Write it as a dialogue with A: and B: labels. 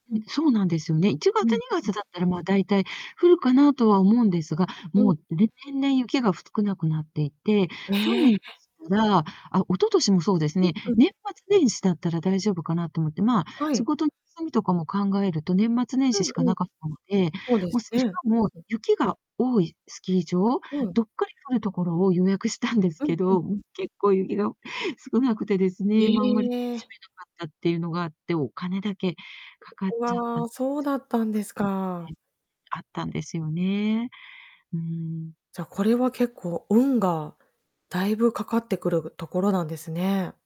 A: んそうなんですよね。いちが
B: う
A: つ、
B: ん
A: にが
B: う。
A: つだったら、ま、大体降るかなとは思うんですが、
B: うん。
A: もう、れ年々雪がふ少なくなっていて、去
B: ええ。
A: 年ら、あ、一昨年もそうです
B: うん
A: ね、
B: うん。
A: 年末年始だったら大丈夫かなと思って、まあ、
B: はい。
A: 仕事休みとかも考えると、年末年始し
B: う
A: か
B: んうん。
A: なかったので、
B: ほうで
A: もう
B: す
A: しし
B: ね、
A: かも、
B: うん。
A: 雪が多いスキー場、
B: うん。
A: どっかり降るところを予約したんです
B: うん
A: け
B: うん。
A: ど、ん結構雪が少なくてですね、ま、あんまりし
B: ええ。
A: めなかったっていうのがあって、お金だけかかっち
B: う
A: ゃったて
B: わ、そう
A: ちょ
B: だっ
A: っ
B: たんです
A: と [unintelligible] んね。
B: か。
A: あったんですよね。うん。
B: じゃ、これは結構運が大分かかってくるところなんですね。